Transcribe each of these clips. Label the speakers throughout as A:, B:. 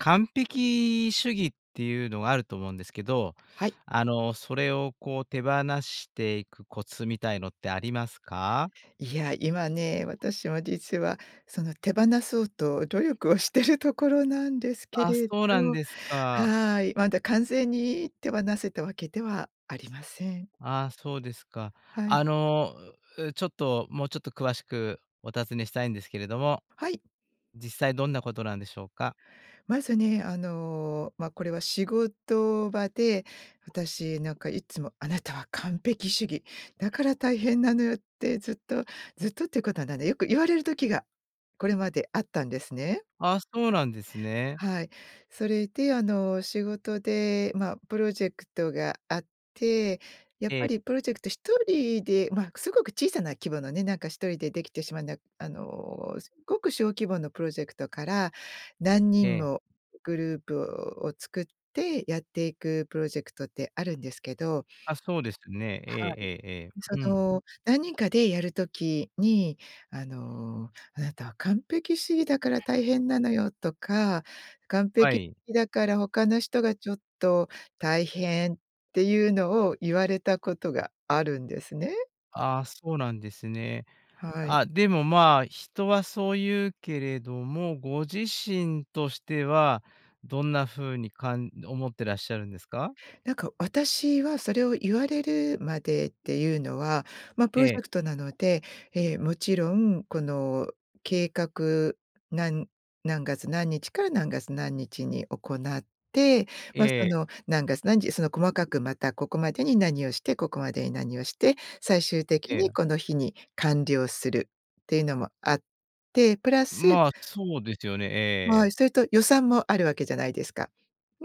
A: 完璧主義っていうのがあると思うんですけど、
B: はい。
A: あの、それを、こう、手放していくコツみたいのってありますか？
B: いや、今ね、私も実は、その、手放そうと努力をしてるところなんですけ
A: あ、
B: れど、
A: そうなんですか。
B: はい、まだ完全に手放せたわけではありません。
A: あ、そうですか。
B: はい。
A: あの、ん、ん、ちょっと、もうちょっと詳しくお尋ねしたいんですけれども。
B: はい。
A: 実際どんなことなんでしょうか？
B: まずね、あの、ま、これは仕事場で私、なんかいつも、「あなたは完璧主義。だから大変なのよ」ってずっとずっとっていうことはないね、よく言われる時が、これまであったんですね。
A: あ、そうなんですね。
B: はい、それで、あの、仕事で、ま、プロジェクトがあって、やっ
A: え
B: ぱ
A: え。
B: りプロジェクトひとりで、まあ、すごく小さな規模のね、なんか、ひとりでできてしまうな、あの、すっごく小規模のプロジェクトから、何
A: え
B: 人
A: え。
B: もグループを作ってやっていくプロジェクトってあるんですけど。
A: あ、そうですね。え
B: はい。
A: えええええ。う
B: そ
A: ん。
B: の、何人かでやる時に、あの、「あなたは完璧主義だから大変なのよ」とか、「完
A: は
B: 璧
A: い。
B: 義だから、他の人がちょっと大変」っていうのを言われたことがあるんですね。
A: あ、そうなんですね。
B: はい。
A: あ、でも、まあ、人はそう言うけれども、ご自身としては、どんな風にかん思ってらっしゃるんですか？
B: なんか、私はそれを言われるまでっていうのは、ま、プロ
A: え
B: ジ
A: え。
B: ェクトなので、え、もちろんこの計画、なん何月何日から何月何日に行って、ま、
A: え
B: そ
A: え。
B: の、何月何時その、細かくまたここまでに何をしてここまでに何をして、最終的
A: え
B: に
A: え。
B: この日に完了するっていうのもあって、プラス
A: まあ、そうですよね、
B: は
A: ええ。
B: い。それと予算もあるわけじゃないですか。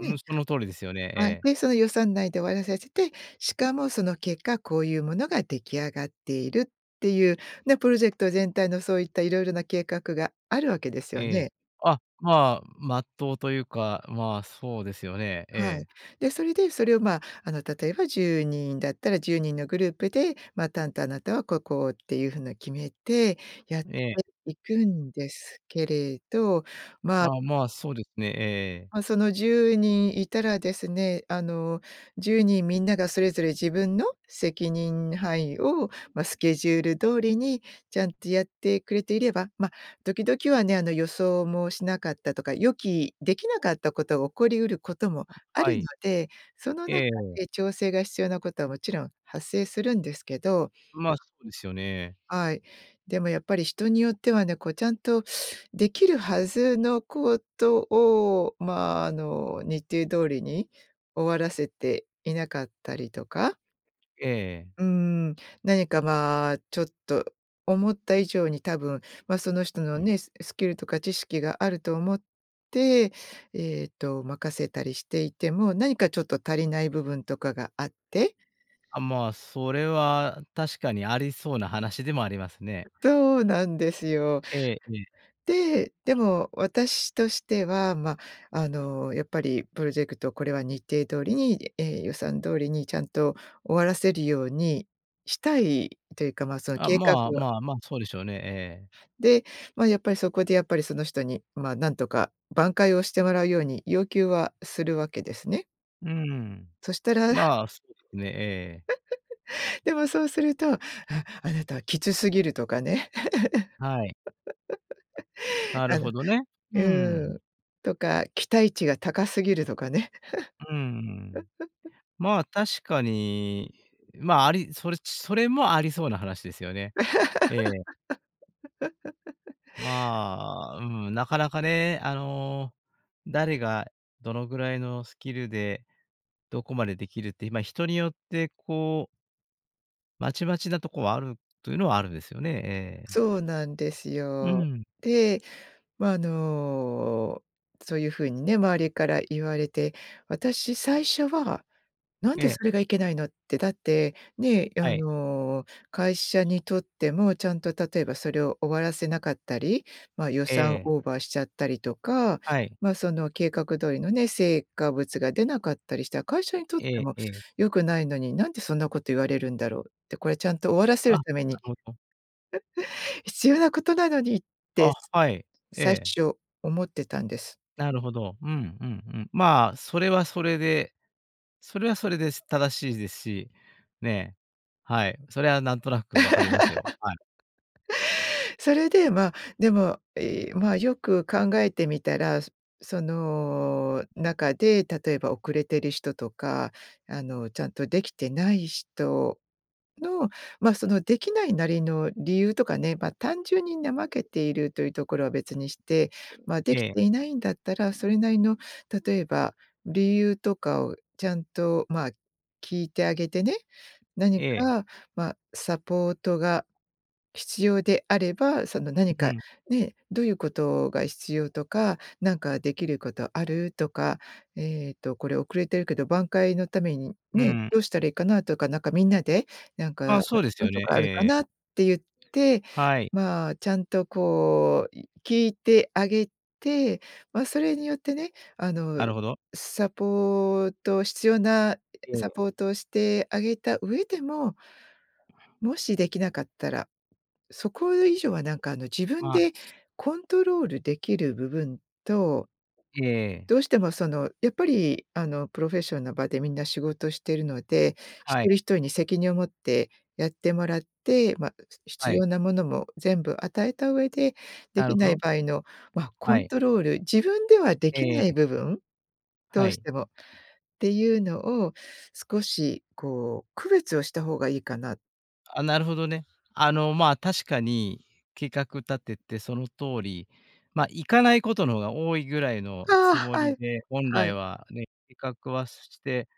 A: うん、その通りですよね、え
B: はい、
A: え。
B: で、その予算内で終わらさせて、しかもその結果こういうものが出来上がっているっていう、ね、プロジェクト全体のそういった色々な計画があるわけですよ
A: ええ。
B: ね。
A: あ、まあ、真っ当というか、まあ、そうですよね、え
B: はい。
A: え。
B: で、それで、それを、ま、あの、例えば10人だったら10人のグループで、ま、担当あなたはここっていう風な決めてやって
A: ええ。
B: いくんですけれど、ま
A: あ、まあ、そうですね、ええ。
B: ま、その10人いたらですね、あの、10人みんながそれぞれ自分の責任範囲を、ま、スケジュール通りにちゃんとやってくれていれば、ま、時々はね、あの、予想もしなかったとか、予期できなかったことが起こりうることもあ
A: は
B: るの
A: い。
B: で、その中
A: ええ。
B: で調整が必要なことはもちろん発生するんですけど。
A: まあ、そうですよね。
B: はい、でもやっぱり人によってはね、こう、ちゃんとできるはずのことを、まあ、あの、日程通りに終わらせていなかったりとか。
A: ええ。
B: うん、何か、まあ、ちょっと思った以上に多分、ま、その人のね、ススキルとか知識があると思って、えっと、任せたりしていても、何かちょっと足りない部分とかがあって。
A: あ、まあ、それは確かにありそうな話でもありますね。
B: そうなんですよ。
A: ええ、ええ。
B: で、でも私としては、ま、あの、やっぱりプロジェクト、これは日程通りに、え、予算通りにちゃんと終わらせるようにしたいというか、ま、その
A: あ、
B: 計画
A: まあ、
B: は
A: まあ、まあ、そうでしょうね、ええ。
B: で、ま、やっぱりそこでやっぱりその人に、ま、なんとか挽回をしてもらうように要求はするわけですね。
A: うん。
B: そしたら
A: まあ、そうでしょうね、ええ。
B: でもそうすると、ああなたはきつすぎるとかね。
A: はい。なる
B: あの
A: ほどね。うー
B: うー
A: ん。
B: ん。とか期待値が高すぎるとかね。
A: うーん。まあ、確かに、まあ、ありそれそれもありそうな話ですよね。ええ。まあ、うん、なかなかね、あの、誰がどのぐらいのスキルで、どこまでできるっていま、人によってこうまちまちなとこは、あるというのはあるんですよね、ええ。
B: そうなんです
A: う
B: よ。
A: ん。
B: で、まあ、あの、そういう風にね、周りから言われて、私最初は、なん
A: え
B: で
A: え。
B: それがいけないのって、だって、ね、あ
A: はい。
B: の、会社にとっても、ちゃんと例えばそれを終わらせなかったり、ま、予
A: え
B: 算
A: え。
B: オーバーしちゃったりとか、
A: はい。
B: まあ、その計画通りのね、成果物が出なかったりしたら、会社にとっ
A: え
B: て
A: え
B: も
A: ええ。
B: 良くないのに、なんでそんなこと言われるんだろうって、これちゃんと終わらせ
A: あ、
B: る
A: なる
B: ために、
A: ほど。
B: 必要なことなのにって
A: あ、はい、え
B: 最
A: え。
B: 初思ってたんです。
A: なるほど、うんうんうん。まあ、それはそれでそれはそれです。正しいですし、ね、はい、それは、なんとなく分かりますよ。はい。
B: それで、まあ、でも、いまあ、よく考えてみたら、その中で、例えば遅れてる人とか、あの、ちゃんとできてない人の、ま、そのできないなりの理由とかね、ま、単純に、怠けているというところは別にして、まあ、でき
A: え
B: て
A: え。
B: いないんだったら、それなりの、例えば理由とかを、ちゃんと、まあ、聞いてあげてね、何
A: ええ。
B: か、ま、サポートが、必要であれば、その、何
A: う
B: か
A: ん。
B: ね、どういうことが必要とか、「なんかできることある」とか、えっと、これ遅れてるけど挽回の為に
A: う
B: ね、
A: ん。
B: どうしたらいいかなとか、なんか、みんなでなんか、
A: あ、
B: ん、「こ
A: そうです
B: ういう
A: よ
B: と
A: ね。
B: こあ
A: ええ
B: るか
A: え
B: な」
A: え。
B: って言って、
A: はい。
B: まあ、ちゃんと、こう、い聞いてあげて、ま、それによってね、あ
A: な
B: の、
A: るほど。
B: サポート必要な
A: うん。
B: サポートをしてあげた上でももしできなかったら、そこ以上は、なんか、あの、自分
A: まあ。
B: でコントロールできる部分と
A: ええ。
B: どうしても、そのやっぱり、あの、プロフェッションの場でみんな仕事してるので、一
A: はい。
B: 人一人に責任を持ってやってもらって、ま、
A: は
B: 必
A: い。
B: 要なものも全部与えた上で、で
A: なる
B: き
A: ほ
B: ない
A: ど。
B: 場合の、ま、
A: は
B: コン
A: い。
B: トロール、自分ではで
A: え
B: き
A: ええ
B: ない
A: え。
B: 部分、ど
A: は
B: うし
A: い。
B: てもっていうのを少し、こう、区別をした方がいいかな。
A: あ、なるほどね。あの、まあ、確かに計画立ててその通り、ま、いかないことの方が多いぐらいのつ
B: あ
A: も
B: あ、は
A: り
B: い、
A: で、本
B: は
A: 来
B: い。
A: はね、計画はして、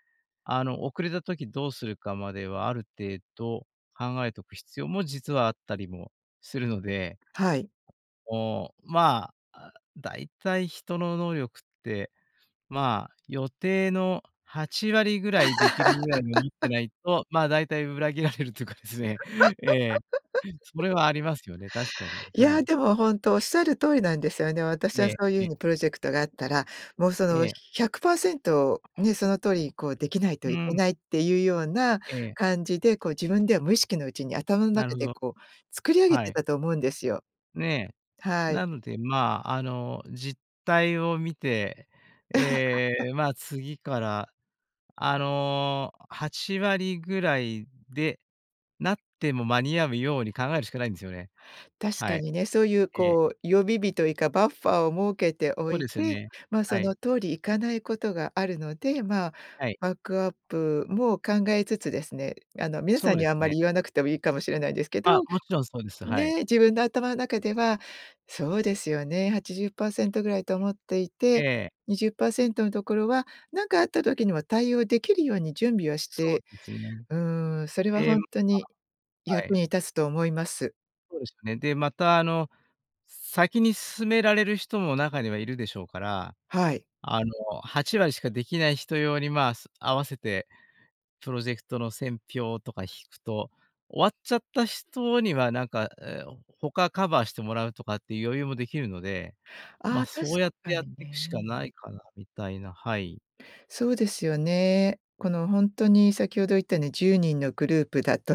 A: あの、遅れた時どうするかまではある程度考えとく必要も、実はあったりもするので。
B: はい。
A: おお、まあ、あ、大体、人の能力って、まあ、予定の8割ぐらいできるぐらいに読みって ないと、まあ、大体裏切られるというかですね、ええ、そ れはありますよね、確かに、
B: い
A: はい。
B: や、でもほんと、仰る通りなんですよね。私
A: え
B: は
A: え
B: そういう
A: え
B: 風
A: え。
B: にプロジェクトがあったら、もうそ
A: え
B: の
A: え。
B: 100%ね、その通り、こう、できない
A: う
B: といけ
A: ん。
B: ないっていうような
A: ええ。
B: 感じで、こう、自分では無意識のうちに頭ん
A: なる
B: 中
A: ほ
B: で、
A: ど。
B: こう、作り上げ
A: は
B: て
A: い。
B: たと思うんですよ。
A: ねえ。
B: はい。
A: なんでまあ、あの、実態を見て、え え、まあ、次からあの、8割ぐらいで、なっても間に合うように考えるしかないんですよね。
B: 確
A: は
B: か
A: い。
B: にね、そういう、
A: ええ。
B: こう、予備日といか、バッファを設けてお
A: そう
B: い
A: ですよ
B: て、
A: ね、
B: ま、
A: は
B: そ
A: い。
B: の通り行かないことがあるので、まあ
A: はい。
B: バックアップも考えつつですね、あの、皆
A: そ
B: さ
A: う
B: ん
A: で
B: にはあん
A: す
B: ま
A: ね。
B: り言わなくてもいいかもしれないですけ
A: あ、
B: ど、
A: もちろんそうです。はい。
B: ね、自分の頭の中ではそうですよね、80%ぐらいと思っていて、
A: ええ。
B: 20%のところは、なんかあった時にも対応できるように準備をし
A: そう
B: て、
A: ですね。
B: うん。それは
A: で、
B: 本
A: ま
B: 当に
A: あ、は
B: 役
A: い。
B: に立つと思います。
A: そうですね。で、また、あの、先に進められる人も中にはいるでしょうから、
B: はい。
A: あの、8割しかできない人用に、まあ、す合わせて、プロジェクトの線表とか引くと、終わっちゃった人には、なんか、え、おん他カバーしてもらうとかっていう余裕もできるので、
B: あ
A: ま、
B: あ、確
A: そうやって
B: か
A: やっ
B: に
A: てくしか
B: ね。
A: ないかなみたいな、はい。
B: そうですよね。この、ほんっとに先ほど言ったね、10人のグループだと、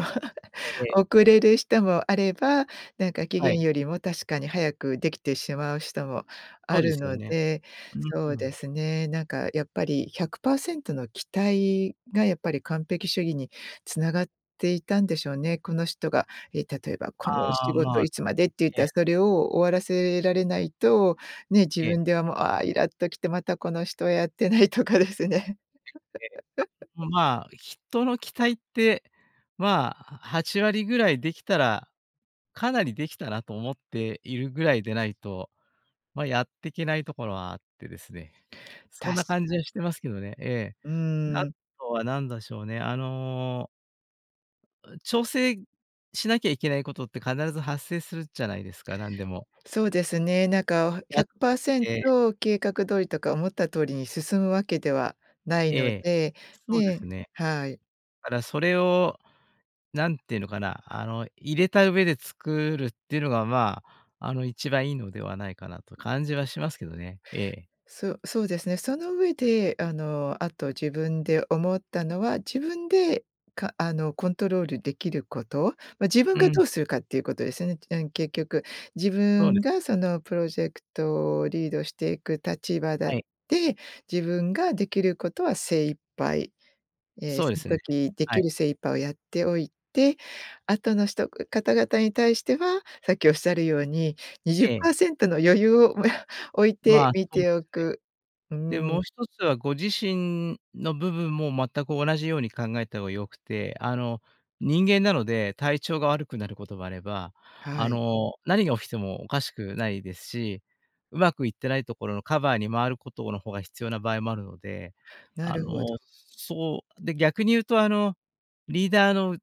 A: ええ。
B: 遅れる人もあれば、なんか、期
A: は
B: 限
A: い。
B: よりも確かに早くできてしまう人も
A: そ
B: あ
A: うで
B: る
A: すよ
B: の
A: ね。
B: で、
A: う
B: そ
A: ん
B: う
A: う
B: で
A: ん。
B: すね、なんか、やっぱり100％の期待がやっぱり完璧主義に繋がっていたんでしょうね。この人が、え、例えばこの
A: あ
B: 仕
A: あ、ま
B: 事
A: あ。
B: いつまでって言っ
A: え
B: たら
A: え。
B: それを終わらせられないと、ね、自
A: ええ。
B: 分ではもう、ああ、イラっと来て、またこの人はやってないとかですね。
A: まあ、人の期待って、まあ、8割ぐらいできたら、かなりできたなと思っているぐらいでないと、ま、やってけないところはあってですね。そ
B: 確
A: んな
B: か
A: 感
B: に。
A: じにしてますけどね、ええ。
B: うー
A: あ
B: ん。
A: とは何だしょうね、あのう、調整しなきゃいけないことって必ず発生するじゃないですか、なんでも。
B: そうですね。なんか、おひ
A: や
B: ゃくパーセン
A: ええ。
B: ト計画通りとか思った通りに進むわけではない
A: え
B: の
A: え。
B: で、
A: そうです
B: ね。
A: ね。
B: はい。
A: からそれを、何てのかな、あの、入れた上で作るっていうのが、まあ、あの、一番いいのではないかなと感じはしますけどね。ええ。
B: そそうですね。その上で、あの、あと自分で思ったのは、自分で、かあの、コントロールできること、ま、自分
A: う
B: が
A: ん。
B: どうするかっていうことですよね。うん、結局自
A: そうで
B: 分
A: す。
B: がそのプロジェクトをリードしていく立場だっ
A: はい。
B: て、自分ができることは精一杯、え、
A: そうで
B: その
A: すよね、
B: 時で
A: は
B: き
A: い。
B: る精一杯をやっておいて、あとの人方々に対しては、さっきおっしゃるようににじゅっ
A: え
B: パ
A: え。
B: ーセントの余裕をもや置い
A: ま
B: て
A: あ、
B: み
A: ほん
B: てお
A: すね。
B: く。うー
A: で、もう
B: ん。
A: 一つはご自身の部分も全く同じように考えた方が良くて、あの、人間なので、体調が悪くなることがあれば、あ
B: はい。
A: の、何が起きてもおかしくないですし、うまくいってないところのカバーに回ることの方が必要な場合もあるので、
B: な
A: あ
B: るほ
A: の
B: ど。
A: そう、で、逆に言うと、あの、リーダーの、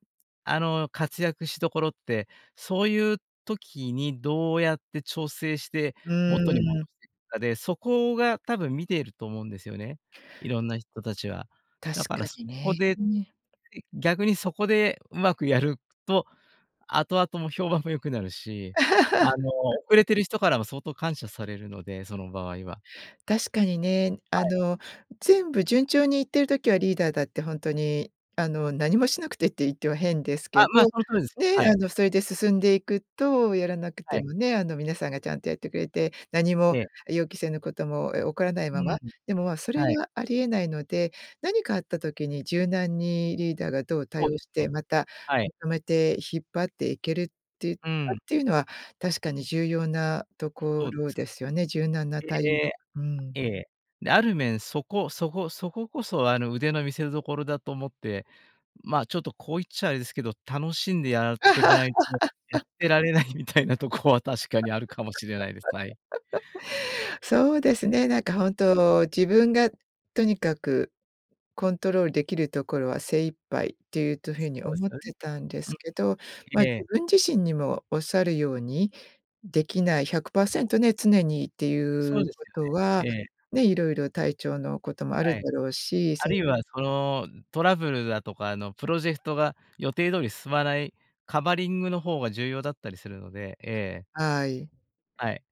A: あの、活躍しどころって、そういう時にどうやって調整して、
B: う
A: 元に戻
B: ーん。
A: していくかで、そこが多分見ていると思うんですよね、色んな人たちは。
B: 確
A: だか
B: か
A: らそ
B: に
A: こで、
B: ね。
A: 逆にそこでうまくやると、後々も評判も良くなるし、あの、遅 れてる人からも相当感謝されるので、その場合は。
B: 確かにね。
A: は
B: あ
A: い。
B: の、全部順調に行ってる時はリーダーだってほんとに、あの、何もしなくてって言っては変です
A: あ、
B: けど、
A: ま、その通りですね。は
B: ね、あ
A: い。
B: の、それで進んでいくと、やらなく
A: は
B: て
A: い。
B: もね、あの、皆さんがちゃんとやってくれて、何も
A: ええ。
B: 予期せぬことも、え、起こらない
A: う
B: ま
A: ー
B: ま、
A: ん、
B: でも、ま、それ
A: はい。
B: がありえないので、何かあった時に柔軟にリーダーがどう
A: そ
B: 対
A: う
B: 応
A: です
B: し
A: ね。
B: て、また、
A: はい。
B: まとめて引っ張っていけるっていうか
A: うーん。
B: っていうのは確かに重要なとこ
A: そうで
B: ろ
A: す。
B: ですよね。柔軟なたい
A: で、
B: うん。
A: えええ。である面、そこそこそここそ、あの、腕の見せどころだと思って、ま、ちょっと、こう言っちゃあれですけど、楽しんでやってかないとやって られないみたいなとこは確かにあるかもしれないです。はい。
B: そうですね。なんか本当、自分がとにかくコントロールできるところは精一杯っていうと風に
A: そうです
B: 思っ
A: よね。
B: てたんで
A: う
B: すけど、
A: ん。
B: ま、自
A: ええ。
B: 分自身にもおっしゃるようにできない100％ね、常にってい
A: そう
B: う
A: です
B: こ
A: よ
B: とは、
A: ね、ええ。
B: ね、いろいろ体調のこともあ
A: は
B: る
A: い。
B: だろうし、
A: あ
B: そ
A: るいは、その、トラブルだとか、あの、プロジェクトが予定通り進まないカバリングの方が重要だったりするので、ええ。
B: はい。
A: はい。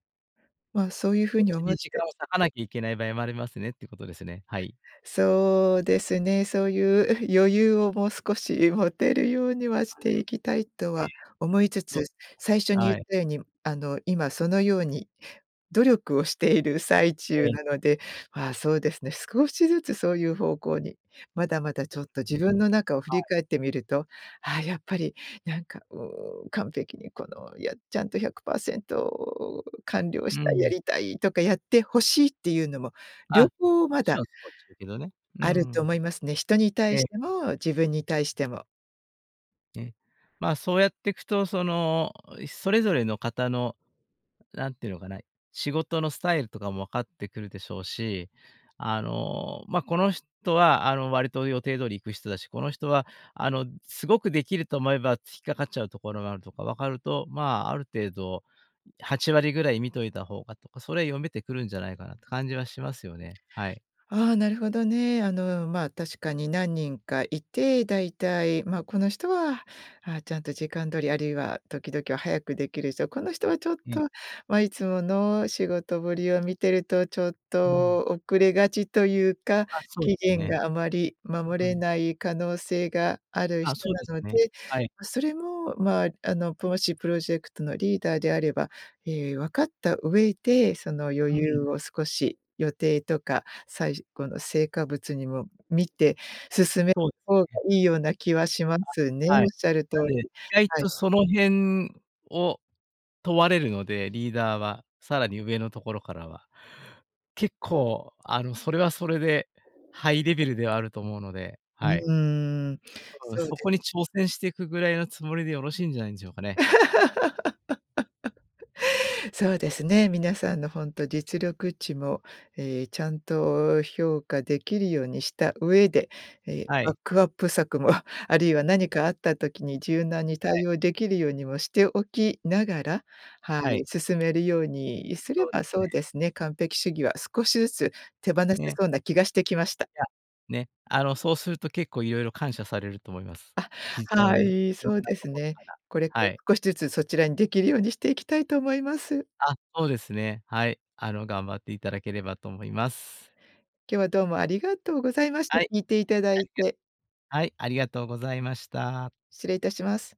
B: ま、そういうふう
A: そっ
B: に
A: ち
B: 思
A: に
B: っ
A: 時間
B: て。
A: を割かなきゃいけない場合もありますねってことですね、はい。
B: そうですね。そういう 余裕をもう少し持てるようには
A: あ
B: し
A: あ。
B: ていきたいと
A: ええ。
B: は思いつ
A: そう、
B: つ、最
A: [unintelligible]
B: 初に言
A: は
B: っ
A: い。
B: たように、あの、今そのように努力をしている最
A: え
B: 中
A: え。
B: なので、あ、そうですね、少しずつそういう方向に。まだまだち
A: そ
B: ょっと
A: う
B: 自
A: ですね、
B: 分の中を振
A: は
B: り
A: い。
B: 返ってみると、あ、やっぱりなんか、うーん、完璧にこの、やちゃんと100％完了し
A: う
B: たい、や
A: ん。
B: りたいとか、やって欲しいっていうのも両
A: あ、
B: 方
A: そっ
B: ま
A: ち
B: だ
A: の [unintelligible] ね。う
B: あると
A: ん。
B: 思いますね。人に
A: え
B: 対し
A: え。
B: ても自分に対しても。
A: ね。まあ、そうやってくと、その、いそれぞれの方の、なんて言うのかな、仕事のスタイルとかも分かってくるでしょうし、あの、まあ、この人は、あの、割と予定通り行く人だし、この人は、あの、すごくできると思えば、引っかかっちゃうところがあるとか、分かると、まあ、ある程度、ん、8割ぐらい見といた方がとか、それ読めてくるんじゃないかなって感じはしますよね、はい。
B: ああ、なるほどね。あの、まあ、確かに何人かいて、大体、ま、この人は、ああ、ちゃんと時間通り、あるいは、時々は早くできる人、この人はちょっ
A: うん。
B: と、ま、いつもの仕事ぶりを見てると、ちょっ
A: うーん。
B: と遅れがちと言うか、
A: あ、そう
B: 期
A: です
B: 限
A: ね。
B: があまり守
A: うんう
B: れ
A: ん。
B: ない可能性がある
A: あ、
B: 人
A: そう
B: な
A: です
B: ので、
A: ね。はい。
B: ま、それも、まあ、あの、プもしプロジェクトのリーダーであれば、ええ、分かった上で、その余
A: う
B: 裕
A: ん。
B: を少し、予定とか、最じ後の成果物にも見て進め
A: そう、
B: 方が
A: ね。
B: いいような気はしますね。
A: あ、はい。
B: 仰る通
A: なんで、意
B: り、
A: 外
B: はい。
A: とその辺を問われるので、リーダーは、さらに上のところからは。結構、あの、それはそれで、ハイレベルではあると思うので、
B: う
A: はい。
B: ーん、
A: うーん、
B: そう
A: そ
B: で
A: こに挑戦してくぐらいのつもりでよろしいんじゃないんでしょうかね。
B: そうですね、皆さんの、ほんと、実力値も、ええ、ちゃんと評価できるようにした上で、ええ、
A: は
B: バッ
A: い。
B: クアップ策も、あるいは何
A: ええ。
B: かあった時に柔軟に
A: はい。
B: 対応できるようにもしておきながら、はい、
A: はい。
B: 進めるようにすれ
A: そうで
B: ば、
A: す
B: そ
A: ね。
B: うですね、完璧主義は少しずつ手放せ
A: ね。
B: そうな気がしてきました。
A: いや、ね、あの、そうすると結構いろいろ感謝されると思います。
B: あ、
A: 非常
B: は
A: に。い
B: い、
A: ろん
B: そう
A: な
B: です
A: 所
B: ね。
A: から。
B: これか
A: は
B: ら
A: い。
B: 少しずつ、そちらにできるようにしていきたいと思います。
A: あ、そうですね。はい、あの、頑張っていただければと思います。
B: 今日は、どうもありがとうございました、
A: はい、
B: 聞いていただ
A: あ
B: い
A: り
B: て。
A: がはい、ありがとうございました。
B: 失礼いたします。